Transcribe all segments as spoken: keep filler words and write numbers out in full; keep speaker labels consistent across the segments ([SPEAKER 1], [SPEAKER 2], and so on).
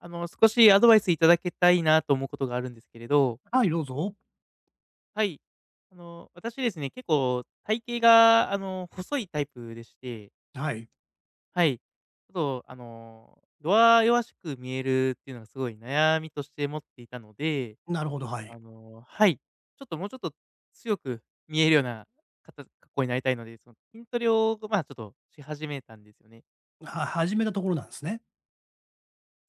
[SPEAKER 1] あの、少しアドバイスいただけたいなと思うことがあるんですけれど。
[SPEAKER 2] はい、どうぞ。
[SPEAKER 1] はい、あの、私ですね、結構体型が、あの、細いタイプでして。
[SPEAKER 2] はい。
[SPEAKER 1] はい、ちょっと、あの、弱々しく見えるっていうのはすごい悩みとして持っていたので。
[SPEAKER 2] なるほど、はい。
[SPEAKER 1] あの、はい、ちょっと、もうちょっと、強く見えるような、かた格好になりたいので、その筋トレを、こう、ま、ちょっとし始めたんですよね。
[SPEAKER 2] は始めたところなんすね。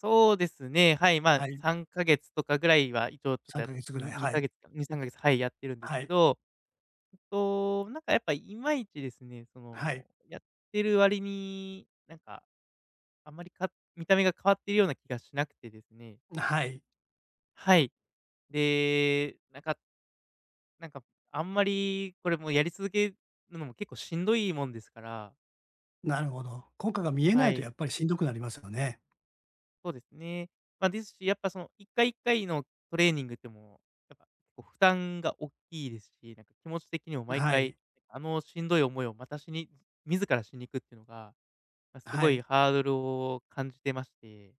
[SPEAKER 1] そうですね、はい、まあ、
[SPEAKER 2] はい。
[SPEAKER 1] さんかげつとかぐらいは、一応ちょっ
[SPEAKER 2] さ
[SPEAKER 1] と、
[SPEAKER 2] ん
[SPEAKER 1] や
[SPEAKER 2] かげつぐらい、
[SPEAKER 1] にに
[SPEAKER 2] は
[SPEAKER 1] か
[SPEAKER 2] い。
[SPEAKER 1] げつか、にさんかげつ、はい、やってるんです
[SPEAKER 2] は
[SPEAKER 1] け
[SPEAKER 2] い。
[SPEAKER 1] ど、えっと、なんかやっぱりいまいちですね、そ
[SPEAKER 2] はい。
[SPEAKER 1] のやってる割になんか、あまり、か見た目が変わっているような気がしなくてですね。
[SPEAKER 2] な、はい。
[SPEAKER 1] はい、で、なんかなんか、あんまり、これもやり続けるのも結構しんどいもんですから。
[SPEAKER 2] なるほど。効果が見えな
[SPEAKER 1] は
[SPEAKER 2] いとや
[SPEAKER 1] い。
[SPEAKER 2] っぱりしんどくなりますよね。
[SPEAKER 1] そうですね。まあ、ですし、やっぱそのいっかいいっかいのトレーニングでも、やっぱこう負担が大きいですし、なんか気持ち的にも毎
[SPEAKER 2] は
[SPEAKER 1] 回、
[SPEAKER 2] い。
[SPEAKER 1] あの、しんどい思いをまたしに、自らしに行くっていうのが、す
[SPEAKER 2] は
[SPEAKER 1] ごい
[SPEAKER 2] い。
[SPEAKER 1] ハードルを感じてまして。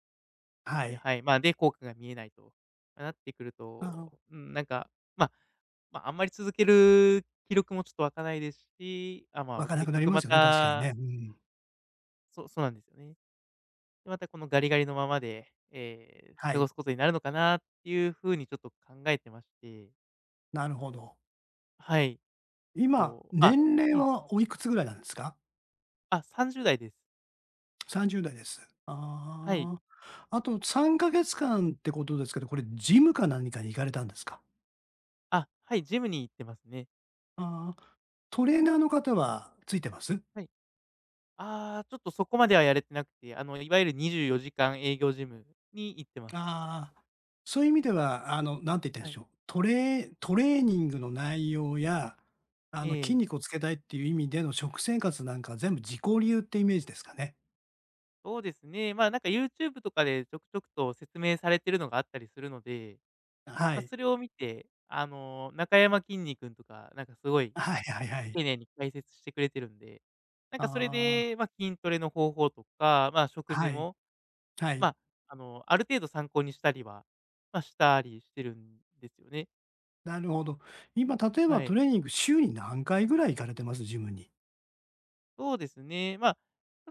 [SPEAKER 2] はい。
[SPEAKER 1] はい、まあ、で、効果が見えないとなってくる
[SPEAKER 2] あああ
[SPEAKER 1] と、
[SPEAKER 2] あ。
[SPEAKER 1] うーん、なんか、まあ、あんまり続ける気力も、ちょっとわかないですし、あ、ま
[SPEAKER 2] わ
[SPEAKER 1] あ、
[SPEAKER 2] かなく
[SPEAKER 1] 結
[SPEAKER 2] なり
[SPEAKER 1] 局
[SPEAKER 2] ま
[SPEAKER 1] ま
[SPEAKER 2] すよね、確かに
[SPEAKER 1] た
[SPEAKER 2] ね、うーん。
[SPEAKER 1] そう、そうなんですよね。また、このガリガリのままで、ええ、
[SPEAKER 2] は
[SPEAKER 1] 過ご
[SPEAKER 2] い。
[SPEAKER 1] すことになるのかなっていうふうにちょっと考えてまして。
[SPEAKER 2] なるほど。
[SPEAKER 1] はい、
[SPEAKER 2] 今、
[SPEAKER 1] そう、あ、
[SPEAKER 2] 年齢
[SPEAKER 1] ええ。
[SPEAKER 2] はおいくつぐらいなんですか？
[SPEAKER 1] あ、さんじゅうだいです。
[SPEAKER 2] さんじゅうだいです。
[SPEAKER 1] はい。
[SPEAKER 2] ああ、あと、さんかげつ間ってことですけど、これジムか何かに行かれたんですか？
[SPEAKER 1] あ、はい、ジムに行ってますね。
[SPEAKER 2] ああ、トレーナーの方はついてます？
[SPEAKER 1] はい。ああ、ちょっとそこまではやれてなくて、あの、いわゆるにじゅうよじかん営業ジムに行ってます。
[SPEAKER 2] ああ、そういう意味では、あの、なんて言ったらい
[SPEAKER 1] は
[SPEAKER 2] いんで
[SPEAKER 1] い。
[SPEAKER 2] しょう。トレートレーニングの内容や、あ
[SPEAKER 1] え
[SPEAKER 2] の、筋
[SPEAKER 1] え。
[SPEAKER 2] 肉をつけたいっていう意味での食生活なんかは、全部自己流っていうイメージですかね。
[SPEAKER 1] そうですね、まあ、なんか YouTube とかで、ちょくちょくと説明されているのがあったりするので、
[SPEAKER 2] あ、は
[SPEAKER 1] まあ、
[SPEAKER 2] い。
[SPEAKER 1] それを見て、あの、なかやまきんに君とか、なんかすごい、
[SPEAKER 2] あ、はいはいはい。
[SPEAKER 1] 丁寧に解説してくれてるんで、なん
[SPEAKER 2] あ
[SPEAKER 1] かそれ
[SPEAKER 2] あ。
[SPEAKER 1] で、まあ、筋トレの方法とか、まあ、食事
[SPEAKER 2] はい。
[SPEAKER 1] も、
[SPEAKER 2] は
[SPEAKER 1] ま
[SPEAKER 2] い。
[SPEAKER 1] あ、あの、ある程度参考にしたりは、まあ、したりしてるんですよね。
[SPEAKER 2] なるほど。今、例えば
[SPEAKER 1] は
[SPEAKER 2] ト
[SPEAKER 1] い。
[SPEAKER 2] レーニング、週に何回ぐらい行かれてます、ジムに？
[SPEAKER 1] そうですね、まあ、ち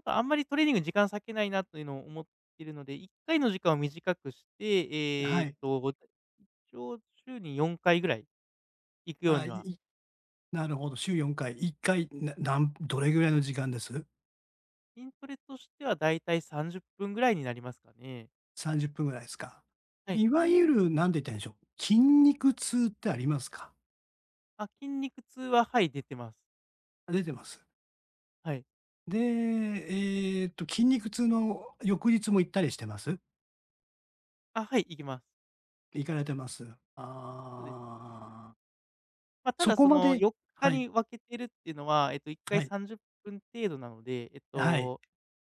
[SPEAKER 1] ょっとあんまりトレーニング時間割けないなというのを思っているので、いっかいの時間を短くして、え
[SPEAKER 2] は
[SPEAKER 1] え
[SPEAKER 2] い。
[SPEAKER 1] と、ご一応、週によんかいぐらい行くよ
[SPEAKER 2] あ
[SPEAKER 1] う
[SPEAKER 2] あ、
[SPEAKER 1] に
[SPEAKER 2] い
[SPEAKER 1] は
[SPEAKER 2] いなるほど、週よんかい。いっかい、ななんどれぐらいの時間です？
[SPEAKER 1] 筋トレとしては、大体さんじゅっぷんぐらいになりますかね。
[SPEAKER 2] さんじゅっぷんぐらいすか。
[SPEAKER 1] はい。
[SPEAKER 2] いわゆる、なんて言ったらいいんでしょう。筋肉痛ってありますか？
[SPEAKER 1] あ、筋肉痛は、はい、出てます。
[SPEAKER 2] あ、出てます？
[SPEAKER 1] はい。
[SPEAKER 2] で、ええと、筋肉痛の翌日も行ったりしてます？
[SPEAKER 1] あ、はい、行きます。
[SPEAKER 2] 行かれてます。
[SPEAKER 1] そうですね。
[SPEAKER 2] ああ。
[SPEAKER 1] まあ、た
[SPEAKER 2] そ
[SPEAKER 1] だ
[SPEAKER 2] こ
[SPEAKER 1] そ
[SPEAKER 2] ま
[SPEAKER 1] の、
[SPEAKER 2] で
[SPEAKER 1] よっか
[SPEAKER 2] はい。
[SPEAKER 1] に分けてるっていうのは、ええと、いっか
[SPEAKER 2] は
[SPEAKER 1] い
[SPEAKER 2] い。
[SPEAKER 1] さんじゅっぷん程度なので、えっ
[SPEAKER 2] あ、はい。
[SPEAKER 1] と、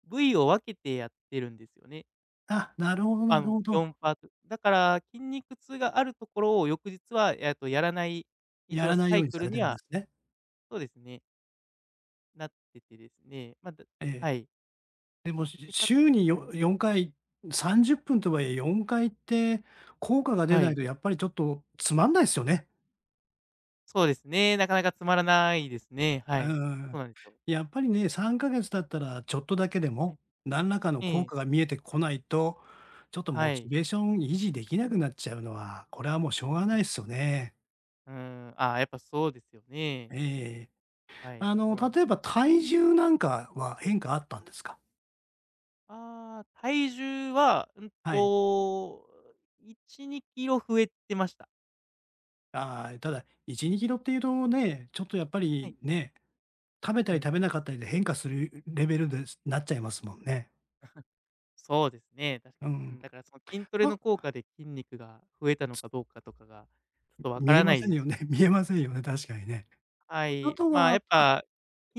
[SPEAKER 1] 部位を分けてやってるんですよね。
[SPEAKER 2] あ、なるほどな
[SPEAKER 1] あ
[SPEAKER 2] る
[SPEAKER 1] の、
[SPEAKER 2] ほ
[SPEAKER 1] よ
[SPEAKER 2] ど。
[SPEAKER 1] んパートだから筋肉痛があるところを、翌日は、やっと、やらない、一
[SPEAKER 2] や
[SPEAKER 1] 応
[SPEAKER 2] らない
[SPEAKER 1] サ
[SPEAKER 2] よ
[SPEAKER 1] イ
[SPEAKER 2] うに
[SPEAKER 1] ク
[SPEAKER 2] さ
[SPEAKER 1] ル
[SPEAKER 2] れて
[SPEAKER 1] に
[SPEAKER 2] るんで
[SPEAKER 1] は
[SPEAKER 2] すね。
[SPEAKER 1] そうですね。なっててですね、まず
[SPEAKER 2] ええ。
[SPEAKER 1] はい。
[SPEAKER 2] でも、しゅしゅ
[SPEAKER 1] で、か
[SPEAKER 2] 週
[SPEAKER 1] つ
[SPEAKER 2] に
[SPEAKER 1] は
[SPEAKER 2] よ
[SPEAKER 1] い。
[SPEAKER 2] よんかい、さんじゅっぷんとはいえ、よんかい行って、効果が出
[SPEAKER 1] は
[SPEAKER 2] ない
[SPEAKER 1] い。
[SPEAKER 2] と、やっぱりちょっとつまんないすよね。
[SPEAKER 1] そうですね。なかなか、つまらないですね。は
[SPEAKER 2] うん
[SPEAKER 1] い。
[SPEAKER 2] うんう
[SPEAKER 1] そ
[SPEAKER 2] ん。
[SPEAKER 1] うなんすよ。
[SPEAKER 2] やっぱりね、さんかげつ経ったらちょっとだけで
[SPEAKER 1] は
[SPEAKER 2] も、
[SPEAKER 1] い。
[SPEAKER 2] 何らかの
[SPEAKER 1] え
[SPEAKER 2] 効
[SPEAKER 1] え。
[SPEAKER 2] 果が見えてこないと、ちょっとモ
[SPEAKER 1] は
[SPEAKER 2] チ
[SPEAKER 1] い。
[SPEAKER 2] ベーション維持できなくなっちゃうのは、これはもうしょうが
[SPEAKER 1] う
[SPEAKER 2] な
[SPEAKER 1] ん。
[SPEAKER 2] いっすよね。
[SPEAKER 1] うーん。ああ、やっぱそうですよね。
[SPEAKER 2] ええええ。
[SPEAKER 1] はい。
[SPEAKER 2] あ
[SPEAKER 1] そ
[SPEAKER 2] の、
[SPEAKER 1] うなん
[SPEAKER 2] 例えば体重なんかは変化あったんですか？
[SPEAKER 1] ああ。体重は、うん
[SPEAKER 2] は
[SPEAKER 1] と、
[SPEAKER 2] い。
[SPEAKER 1] お、いちにキロ増えてました。
[SPEAKER 2] ああ、ただ、いちにキロっていうとね、ちょっとやっぱ
[SPEAKER 1] はい。
[SPEAKER 2] り、ね、食べた
[SPEAKER 1] う
[SPEAKER 2] り食
[SPEAKER 1] ん。
[SPEAKER 2] べなかったりで変化する、う、レベルで、すなっちゃいますもんね。
[SPEAKER 1] そうですね、確か
[SPEAKER 2] あ、う
[SPEAKER 1] に。う
[SPEAKER 2] ん。
[SPEAKER 1] ん、だからその筋トレの
[SPEAKER 2] あ。
[SPEAKER 1] 効果で筋肉が増えたの
[SPEAKER 2] つ
[SPEAKER 1] かどうかとかが、ちょっ
[SPEAKER 2] う、
[SPEAKER 1] とわか
[SPEAKER 2] 見え
[SPEAKER 1] らな
[SPEAKER 2] ま
[SPEAKER 1] い
[SPEAKER 2] せん
[SPEAKER 1] で
[SPEAKER 2] よ
[SPEAKER 1] す。
[SPEAKER 2] ね、見えませんよね、確かにね。
[SPEAKER 1] は
[SPEAKER 2] あ
[SPEAKER 1] い。
[SPEAKER 2] と
[SPEAKER 1] まあ、
[SPEAKER 2] は、ま
[SPEAKER 1] やっ
[SPEAKER 2] あ
[SPEAKER 1] ぱ、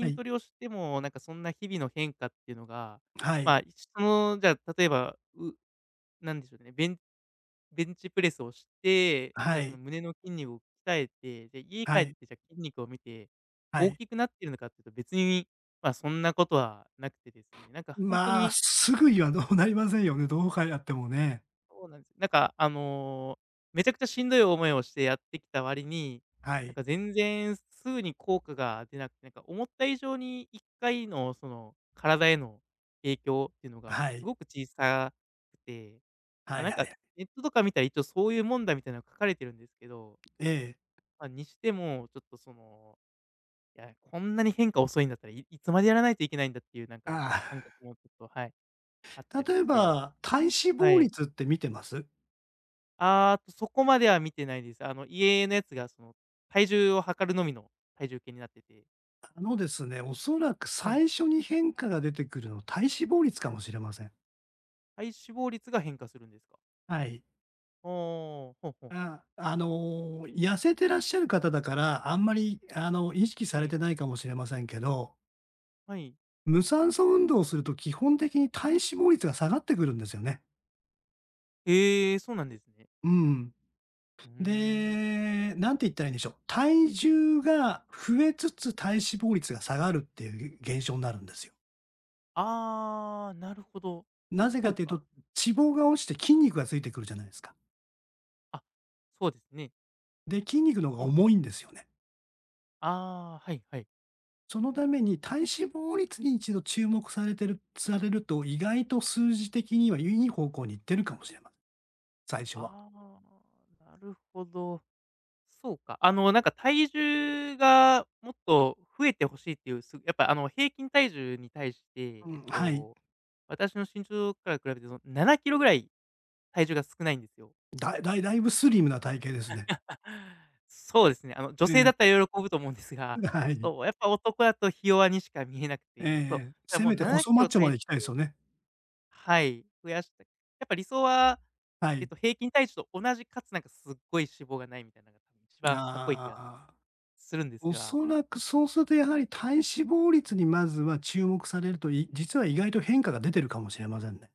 [SPEAKER 2] はい。
[SPEAKER 1] トレをしても、なんかそんな日々の変化っていうのが、
[SPEAKER 2] はい。
[SPEAKER 1] まあ、いちとのじゃあ例えば、う、なんでしょうね、ベンベンチプレスをして、
[SPEAKER 2] あ、は
[SPEAKER 1] で、その
[SPEAKER 2] い。
[SPEAKER 1] 胸の筋肉を鍛えて、で、家帰
[SPEAKER 2] は
[SPEAKER 1] っ
[SPEAKER 2] い。
[SPEAKER 1] て、じゃ筋肉を見て、
[SPEAKER 2] は
[SPEAKER 1] 大
[SPEAKER 2] い。
[SPEAKER 1] きくなっているのかというと、別に、まあ、そんなことはなくてですね、なんかほんと
[SPEAKER 2] まあ、
[SPEAKER 1] に
[SPEAKER 2] すぐには、どうなりませんよね、どうかやってもね。
[SPEAKER 1] そうなんです。なんかあの、めちゃくちゃしんどい思いをしてやってきた割に、
[SPEAKER 2] は
[SPEAKER 1] なん
[SPEAKER 2] い。
[SPEAKER 1] か全然すすぐに効果が出なくて、なんか思った以上にいっかいのその体への影響っていうのが
[SPEAKER 2] は
[SPEAKER 1] す
[SPEAKER 2] い。
[SPEAKER 1] ごく小さくて、
[SPEAKER 2] は
[SPEAKER 1] ま、
[SPEAKER 2] い
[SPEAKER 1] なん
[SPEAKER 2] はい
[SPEAKER 1] か
[SPEAKER 2] はい。
[SPEAKER 1] ネットとか見たら一応そういうもんだ、みたいな書かれてるんですけど
[SPEAKER 2] ええ。
[SPEAKER 1] まあ、にしても、ちょっとその、や、こんなに変化遅いんだったら、いいつまでやらないといけないんだっていうなんか
[SPEAKER 2] ああ。
[SPEAKER 1] 感覚 もちょっと、はい、あったり
[SPEAKER 2] 例え
[SPEAKER 1] して
[SPEAKER 2] ば、体脂
[SPEAKER 1] は
[SPEAKER 2] 肪
[SPEAKER 1] い。
[SPEAKER 2] 率って見てます？
[SPEAKER 1] ああ、と、そこまでは見てないです。あの、家のやつがその、体重を測るのみの体重計になってて
[SPEAKER 2] あのですね、おそらく
[SPEAKER 1] はい。
[SPEAKER 2] 最初に変化が出てくるの、体脂肪率かもしれません。
[SPEAKER 1] 体脂肪率が変化するんですか？
[SPEAKER 2] はい。
[SPEAKER 1] はあ、ほほ。
[SPEAKER 2] ああ、あの、痩せてらっしゃる方だから、あんまりあの意識さ
[SPEAKER 1] え
[SPEAKER 2] れ
[SPEAKER 1] え。
[SPEAKER 2] てないかもしれませんけど
[SPEAKER 1] はい。
[SPEAKER 2] 無酸素運動をすると基本的に体脂肪率が下がってくるんですよね。
[SPEAKER 1] ええ、そうなんですね。
[SPEAKER 2] うんうん。
[SPEAKER 1] うーん。
[SPEAKER 2] で、何て言ったらいいんでしょう、体重が増えつつ、体脂肪率が下がるっていう、げ現象んなるんですよ。
[SPEAKER 1] ああ、なるほど。
[SPEAKER 2] なぜ
[SPEAKER 1] そ
[SPEAKER 2] か
[SPEAKER 1] う
[SPEAKER 2] という
[SPEAKER 1] か。
[SPEAKER 2] と、脂肪が落ちて筋肉がついてくるじゃないすか。
[SPEAKER 1] あ、そうですね。
[SPEAKER 2] で、筋肉の方が
[SPEAKER 1] うん。
[SPEAKER 2] 重いんですよね。
[SPEAKER 1] ああ。はいはい。
[SPEAKER 2] そのために、体脂肪率に一度注目されてるされると、意外と数字的には、良い方向に行ってるかもしれま最初は。
[SPEAKER 1] ああ、なるほど。そうか、あの、なんか体重がもっと増えてほしいっていう、すやっぱ、あの、平均体重に対して、
[SPEAKER 2] う
[SPEAKER 1] えっ
[SPEAKER 2] ん、はい。
[SPEAKER 1] と、私の身長から比べてのななキロぐらい、体重が少ないんですよ。
[SPEAKER 2] だいだいだいぶスリムな体型ですね。
[SPEAKER 1] そうですね。あの、女
[SPEAKER 2] え
[SPEAKER 1] 性だ
[SPEAKER 2] え。
[SPEAKER 1] ったら喜ぶと思うんですが、
[SPEAKER 2] ん、で、は
[SPEAKER 1] ち
[SPEAKER 2] い。
[SPEAKER 1] ょっとやっぱ男やと、ひ弱にしか見えなく
[SPEAKER 2] ええ
[SPEAKER 1] て、そう、
[SPEAKER 2] ええ。
[SPEAKER 1] あ、
[SPEAKER 2] せ
[SPEAKER 1] もう
[SPEAKER 2] めて
[SPEAKER 1] なな
[SPEAKER 2] 細
[SPEAKER 1] き
[SPEAKER 2] マッ
[SPEAKER 1] ろ
[SPEAKER 2] チョま
[SPEAKER 1] 体
[SPEAKER 2] でいきたいす
[SPEAKER 1] 重
[SPEAKER 2] よね。
[SPEAKER 1] はい、増やしたい。やっぱり理想は、
[SPEAKER 2] は
[SPEAKER 1] えっ
[SPEAKER 2] い。
[SPEAKER 1] と、平均体重と同じ、かつ、なんかすっごい脂肪がないみたいなの、一番かっこいい気
[SPEAKER 2] あ
[SPEAKER 1] が、
[SPEAKER 2] あ、
[SPEAKER 1] するんですが。
[SPEAKER 2] 恐らくそうすると、やはり、体脂肪率にまずは注目されると、い実は意外と変化が出てるかもしれませんね。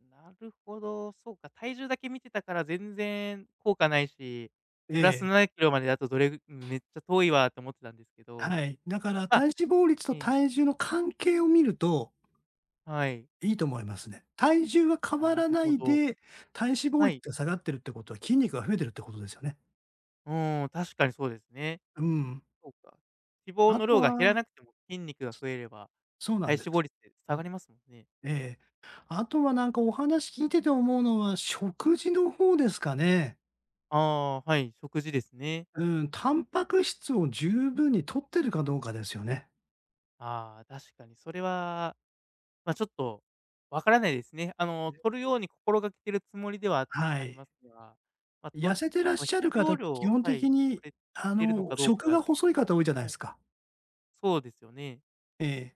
[SPEAKER 1] なるほど、そうか、体重だけ見てたから、全然効果ないし、プラ
[SPEAKER 2] え
[SPEAKER 1] ス
[SPEAKER 2] え。
[SPEAKER 1] ななキロまでだと、どれぐめっちゃ遠いわと思ってたんですけ
[SPEAKER 2] は
[SPEAKER 1] ど。
[SPEAKER 2] い。だから
[SPEAKER 1] ま
[SPEAKER 2] 体脂肪率と
[SPEAKER 1] うん。
[SPEAKER 2] 体重の関係を見ると
[SPEAKER 1] はい。
[SPEAKER 2] いいと思いますね。体重は変わ
[SPEAKER 1] な
[SPEAKER 2] ら
[SPEAKER 1] る
[SPEAKER 2] な
[SPEAKER 1] ほ
[SPEAKER 2] い
[SPEAKER 1] ど。
[SPEAKER 2] で、体脂肪
[SPEAKER 1] は
[SPEAKER 2] 率
[SPEAKER 1] い。
[SPEAKER 2] が下がってるってことは、筋肉が増えてるってことですよね。
[SPEAKER 1] うーん、確かにそうですね。
[SPEAKER 2] うん。
[SPEAKER 1] そうか、脂肪
[SPEAKER 2] あ
[SPEAKER 1] の
[SPEAKER 2] と
[SPEAKER 1] 量が減ら
[SPEAKER 2] は
[SPEAKER 1] なくても、筋肉が増えれば、
[SPEAKER 2] そうな
[SPEAKER 1] 体
[SPEAKER 2] んで
[SPEAKER 1] 脂
[SPEAKER 2] す。
[SPEAKER 1] 肪率って
[SPEAKER 2] う
[SPEAKER 1] 下
[SPEAKER 2] ん。
[SPEAKER 1] がりますもんね。
[SPEAKER 2] ええ。あとは、なんかお話聞いてて思うのは、食事の方ですかね。
[SPEAKER 1] ああ、はい。食事ですね。
[SPEAKER 2] うん。タンパク質を十分に摂ってるかどうかですよね。
[SPEAKER 1] ああ、確かにそれは、ま、ちょっとわからないですね。あの、
[SPEAKER 2] で。
[SPEAKER 1] 摂るように心がけているつもりでは
[SPEAKER 2] は
[SPEAKER 1] あり
[SPEAKER 2] い。
[SPEAKER 1] ますが、ま、摂
[SPEAKER 2] 痩
[SPEAKER 1] る
[SPEAKER 2] せてらっ
[SPEAKER 1] その
[SPEAKER 2] し
[SPEAKER 1] 必
[SPEAKER 2] ゃる方
[SPEAKER 1] 要
[SPEAKER 2] って基
[SPEAKER 1] 量
[SPEAKER 2] 本
[SPEAKER 1] は
[SPEAKER 2] 的
[SPEAKER 1] い、摂
[SPEAKER 2] に、
[SPEAKER 1] れ
[SPEAKER 2] あ
[SPEAKER 1] てるの
[SPEAKER 2] の、
[SPEAKER 1] かどうか
[SPEAKER 2] 食
[SPEAKER 1] がち
[SPEAKER 2] が細い
[SPEAKER 1] ょっと。
[SPEAKER 2] 方多いじゃない
[SPEAKER 1] はい、
[SPEAKER 2] すか。
[SPEAKER 1] そうですよね。
[SPEAKER 2] ええ。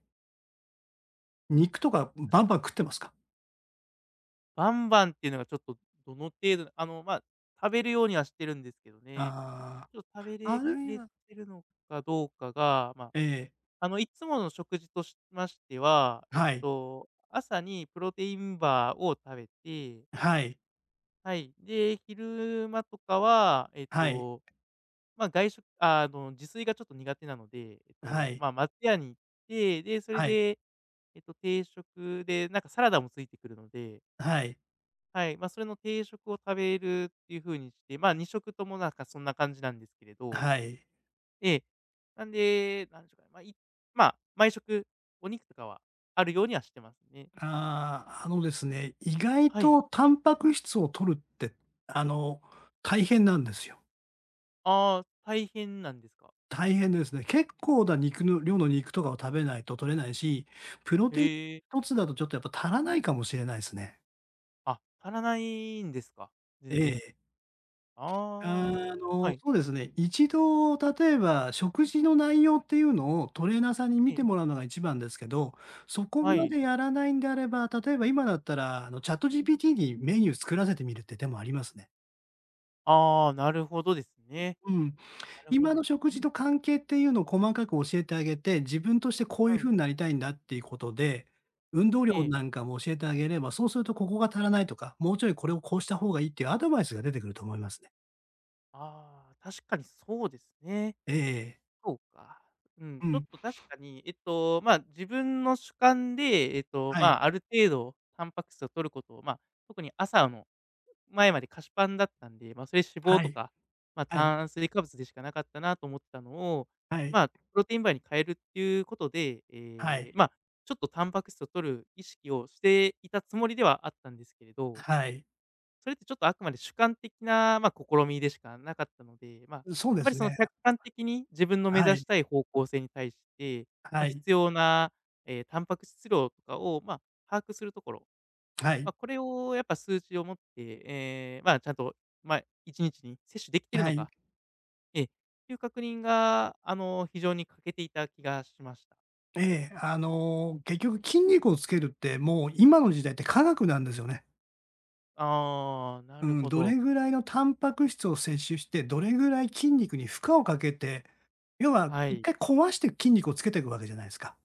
[SPEAKER 2] 肉とか、ん、
[SPEAKER 1] 確
[SPEAKER 2] バンバ
[SPEAKER 1] か
[SPEAKER 2] ン食
[SPEAKER 1] に。
[SPEAKER 2] ってますか？
[SPEAKER 1] バンバンっていうのが、ちょっと、どの程度あの、まあ、食べるようにはしてるんですけどね。
[SPEAKER 2] あ
[SPEAKER 1] ちょ、食べ
[SPEAKER 2] あ。
[SPEAKER 1] れ
[SPEAKER 2] あ
[SPEAKER 1] き
[SPEAKER 2] るい
[SPEAKER 1] れ
[SPEAKER 2] は
[SPEAKER 1] てるのかどうかが。まあ、
[SPEAKER 2] ええ。
[SPEAKER 1] あの、いつもの食事としましては、えっ
[SPEAKER 2] はい。
[SPEAKER 1] と、朝にプロテインバーを食べて
[SPEAKER 2] はい。
[SPEAKER 1] はい、で、昼間とかは、えっ
[SPEAKER 2] はい。
[SPEAKER 1] と、まあ、外食あの、自炊がちょっと苦手なので、えっ
[SPEAKER 2] は
[SPEAKER 1] と、
[SPEAKER 2] い。
[SPEAKER 1] まあ、松屋に行って、で、それ
[SPEAKER 2] はい。
[SPEAKER 1] で、えっと、定食でなんかサラダもついてくるので
[SPEAKER 2] はい。
[SPEAKER 1] はい、ま、それの定食を食べるっていう風にして、まあ、にしょくともなんかそんな感じなんですけれど。
[SPEAKER 2] はい。
[SPEAKER 1] ええ、なんで、なんでしょうか。まあ、いまあ、毎食お肉とかはあるようにはしてますね。
[SPEAKER 2] ああ、あのですね、意外
[SPEAKER 1] はい。
[SPEAKER 2] とタンパク質を摂るって、あの、大変なんですよ。
[SPEAKER 1] ああ、大変なんですか。
[SPEAKER 2] 大変ですね。結構な肉の量の肉とかを食べないととれないし、プロ
[SPEAKER 1] へ
[SPEAKER 2] テインひ
[SPEAKER 1] え。
[SPEAKER 2] とつだとちょっとやっぱ足らないかもしれないですね。
[SPEAKER 1] あ、足らないんですか、
[SPEAKER 2] え
[SPEAKER 1] 全然。
[SPEAKER 2] え。
[SPEAKER 1] あ
[SPEAKER 2] あ、あ
[SPEAKER 1] あ、は
[SPEAKER 2] の、
[SPEAKER 1] い。
[SPEAKER 2] そうですね、いちど例えば食事の内容っていうのをトレーナーさんに見
[SPEAKER 1] ええ。
[SPEAKER 2] てもらうのが一番ですけど、そこ
[SPEAKER 1] は
[SPEAKER 2] ま
[SPEAKER 1] い。
[SPEAKER 2] でやらないんであれば、例えば、今だったら、あの ChatGPT にメニュー作らせてみるって手もありますね。
[SPEAKER 1] ああ、なるほどですね。
[SPEAKER 2] うん、
[SPEAKER 1] なるほ
[SPEAKER 2] 今の
[SPEAKER 1] ど。
[SPEAKER 2] 食事と関係っていうのを細かく教えてあげて、自分としてこういう
[SPEAKER 1] はい。
[SPEAKER 2] 風になりたいんだっていうことで、運動量
[SPEAKER 1] ええ。
[SPEAKER 2] なんかも教えてあげれば、そうすると、「ここが足らない」とか、「もうちょいこれをこうした方がいい」っていうアドバイスが出てくると思いますね。
[SPEAKER 1] ああ、確かにそうですね。
[SPEAKER 2] ええええ。
[SPEAKER 1] そうか、うん、
[SPEAKER 2] う
[SPEAKER 1] ちょっ
[SPEAKER 2] ん。
[SPEAKER 1] と確かに、えっと、まあ、自分の主観で、えっと、
[SPEAKER 2] は
[SPEAKER 1] ま
[SPEAKER 2] い。
[SPEAKER 1] あ、ある程度タンパク質を取ることをまあ、特に朝の前まで菓子パンだったんで、ま、それ脂肪
[SPEAKER 2] は
[SPEAKER 1] と
[SPEAKER 2] い。
[SPEAKER 1] か、まあ、
[SPEAKER 2] はい。
[SPEAKER 1] 炭水化物でしかなかったなと思ったのを、
[SPEAKER 2] はい。
[SPEAKER 1] まあ、プロテインバーに変えるっていうことで、
[SPEAKER 2] は
[SPEAKER 1] え
[SPEAKER 2] い。
[SPEAKER 1] え、まあ、ちょっとタンパク質を摂る意識をしていたつもりではあったんですけれど
[SPEAKER 2] はい。
[SPEAKER 1] それってちょっとあくまで主観的な、まあ、試みでしかなかったので、まあ、
[SPEAKER 2] う、そうで
[SPEAKER 1] やっぱ
[SPEAKER 2] す
[SPEAKER 1] り、その、
[SPEAKER 2] ね。
[SPEAKER 1] 客観的に自分の目
[SPEAKER 2] は
[SPEAKER 1] 指
[SPEAKER 2] い。
[SPEAKER 1] したい方向性に対して、
[SPEAKER 2] は
[SPEAKER 1] ま、
[SPEAKER 2] い。
[SPEAKER 1] 必要な、ええ、タンパク質量とかを、まあ、把握するところ、
[SPEAKER 2] は
[SPEAKER 1] ま
[SPEAKER 2] い。
[SPEAKER 1] あ、これをやっぱ数値をもって、ええ、まあ、ちゃんと、まあ、いちにちに摂取できてる
[SPEAKER 2] は
[SPEAKER 1] の
[SPEAKER 2] い。
[SPEAKER 1] か、ええ、という確認が、あの、非常に欠けていた気がしました。
[SPEAKER 2] ええ。あ
[SPEAKER 1] う
[SPEAKER 2] の
[SPEAKER 1] ん。
[SPEAKER 2] 結局筋肉をつけるって、もう今の時代って科学なんですよね。
[SPEAKER 1] ああ、な
[SPEAKER 2] う
[SPEAKER 1] る
[SPEAKER 2] ん、
[SPEAKER 1] ほ
[SPEAKER 2] どれ
[SPEAKER 1] ど。
[SPEAKER 2] ぐらいのタンパク質を摂取して、どれぐらい筋肉に負荷をかけて、要は
[SPEAKER 1] は
[SPEAKER 2] いっ
[SPEAKER 1] い。
[SPEAKER 2] かい壊して筋肉をつけてくわけじゃないすか。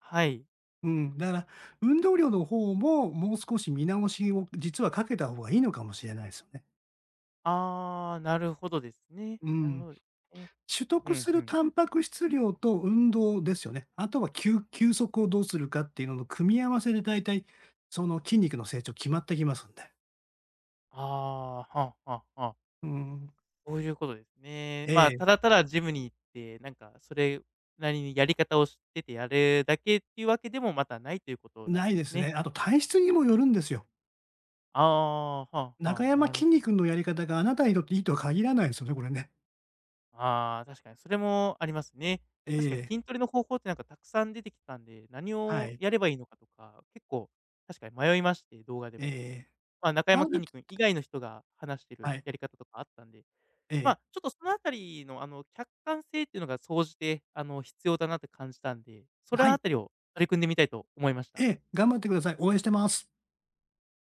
[SPEAKER 1] はい。
[SPEAKER 2] うん、だから、運動量の方も、もう少し見直しを実はかけた方がいいのかもしれないすよね。
[SPEAKER 1] ああ、なるほどですね。
[SPEAKER 2] う
[SPEAKER 1] なる
[SPEAKER 2] ん。
[SPEAKER 1] ほどですね。
[SPEAKER 2] 取
[SPEAKER 1] う
[SPEAKER 2] 得
[SPEAKER 1] ん
[SPEAKER 2] す
[SPEAKER 1] う
[SPEAKER 2] る
[SPEAKER 1] ん。
[SPEAKER 2] タンパク質量と運動ですよね。あとはきゅう休息をどうするかっていうのの組み合わせで大体その筋肉の成長決まってきますんで。
[SPEAKER 1] ああ、ははは。
[SPEAKER 2] うん。
[SPEAKER 1] そういうことですね。
[SPEAKER 2] え
[SPEAKER 1] まあ、
[SPEAKER 2] え。
[SPEAKER 1] ただただジムに行って、なんかそれなりに、やり方を知っててやるだけっていうわけでも、またないということな
[SPEAKER 2] な
[SPEAKER 1] ん
[SPEAKER 2] い
[SPEAKER 1] で
[SPEAKER 2] で
[SPEAKER 1] す
[SPEAKER 2] す
[SPEAKER 1] ね。
[SPEAKER 2] ね。あと体質にもよるんですよ。
[SPEAKER 1] ああ、はあ
[SPEAKER 2] な
[SPEAKER 1] は
[SPEAKER 2] か
[SPEAKER 1] あ、
[SPEAKER 2] やま
[SPEAKER 1] なる
[SPEAKER 2] きん
[SPEAKER 1] ほ
[SPEAKER 2] に君のやり方があなたにとっていいとは限らないですよね、これね。
[SPEAKER 1] ああ、確かにそれもありますね。
[SPEAKER 2] え
[SPEAKER 1] 確かに
[SPEAKER 2] え。
[SPEAKER 1] 筋トレの方法ってなんかたくさん出てきたんで、何
[SPEAKER 2] は
[SPEAKER 1] を
[SPEAKER 2] い。
[SPEAKER 1] やればいいのかとか、結構確かに迷いまして、動画で
[SPEAKER 2] ええ
[SPEAKER 1] も。
[SPEAKER 2] え
[SPEAKER 1] まあ、なか
[SPEAKER 2] え。
[SPEAKER 1] やまきんに君以
[SPEAKER 2] [unintelligible]
[SPEAKER 1] 外の人が話してる
[SPEAKER 2] はい。
[SPEAKER 1] やり方とかあったんで、
[SPEAKER 2] え
[SPEAKER 1] ま
[SPEAKER 2] え。
[SPEAKER 1] あ、ちょっとそのあたりのあの、客観性っていうのが総じてあの必要だなって感じたんで、そ
[SPEAKER 2] あ、は
[SPEAKER 1] の
[SPEAKER 2] い。
[SPEAKER 1] あたりを取り組んでみたいと思いました。
[SPEAKER 2] ええ、頑張ってください。応
[SPEAKER 1] ええ。
[SPEAKER 2] 援してます。